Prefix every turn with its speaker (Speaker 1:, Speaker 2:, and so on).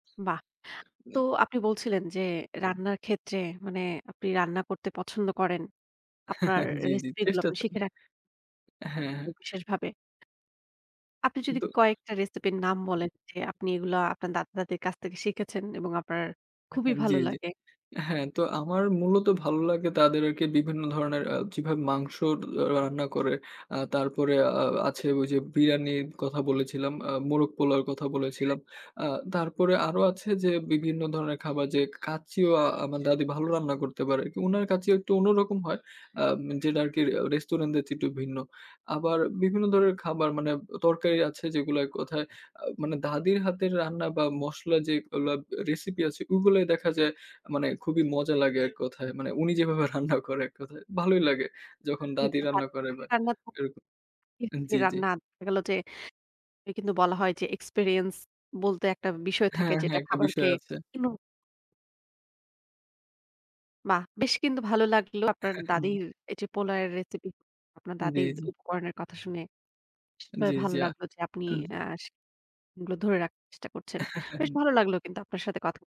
Speaker 1: বাহ! তো আপনি বলছিলেন যে, রান্নার ক্ষেত্রে মানে আপনি রান্না করতে পছন্দ করেন। আপনার
Speaker 2: জি, জি,
Speaker 1: recipe গুলো
Speaker 2: চেষ্টা
Speaker 1: আপনি
Speaker 2: চলে।
Speaker 1: শিখে রা [unintelligible] কোন
Speaker 2: হ্যাঁ।
Speaker 1: বিশেষভাবে আপনি যদি
Speaker 2: কিন্তু
Speaker 1: কয়েকটা recipe র নাম বলেন, যে আপনি এগুলা আপনার দাদা-দাদির কাছ থেকে শিখেছেন এবং আপনার খুবই
Speaker 2: হ্যাঁ, জি,
Speaker 1: ভালো
Speaker 2: জি।
Speaker 1: লাগে।
Speaker 2: হ্যাঁ তো আমার মূলত ভালো লাগে তাদের আরকি বিভিন্ন ধরনের আ যেভাবে মাংস ডআ রান্না করে, আ তারপরে আ আ আছে ওই যে বিরিয়ানির কথা বলেছিলাম, আ মোরগ পোলাওর কথা বলেছিলাম। আ তারপরে আরো আছে যে বিভিন্ন ধরনের খাবার যে কাঁচ্চিও আ আমার দাদি ভালো রান্না করতে পারে। তো উনার কাঁচ্চি একটু অন্যরকম হয়, আম যেটা আরকি আ রেস্টুরেন্টের চেয়ে একটু ভিন্ন। আবার বিভিন্ন ধরনের খাবার মানে আ তরকারি আছে যেগুলা এক কথায় আ মানে দাদির হাতের রান্না বা মসলা যেগুলা আ recipe আছে ওগুলাই দেখা যায় আ মানে খুবই মজা লাগে এক কথায়। মানে উনি যেভাবে রান্না করে এক কথায়। ভালোই লাগে যখন দাদি
Speaker 1: [unintelligible]
Speaker 2: রান্না করে বা
Speaker 1: রান্না তো
Speaker 2: এরক আন জি, জি।
Speaker 1: রান্না দেখা গেল যে কিন্তু বলা হয় যে experience বলতে একটা বিষয় থাকে
Speaker 2: হ্যাঁ, হ্যাঁ,
Speaker 1: যেটা
Speaker 2: একটা
Speaker 1: খাবারকে
Speaker 2: বিষয় আছে।
Speaker 1: ইনু বাহ! বেশ কিন্তু ভালো লাগলো আপনার দাদির এই যে পোলাও এর recipe আপনার
Speaker 2: জি,
Speaker 1: দাদির
Speaker 2: জি।
Speaker 1: উপকরণের কথা শুনে। [unintelligible] ভা
Speaker 2: জি,
Speaker 1: ভালো
Speaker 2: জি, আ
Speaker 1: লাগলো যে আপনি
Speaker 2: উম।
Speaker 1: আস যে গুলো ধরে রা চেষ্টা করছেন, বেশ ভালো লাগলো কিন্তু আপনার সাথে কথা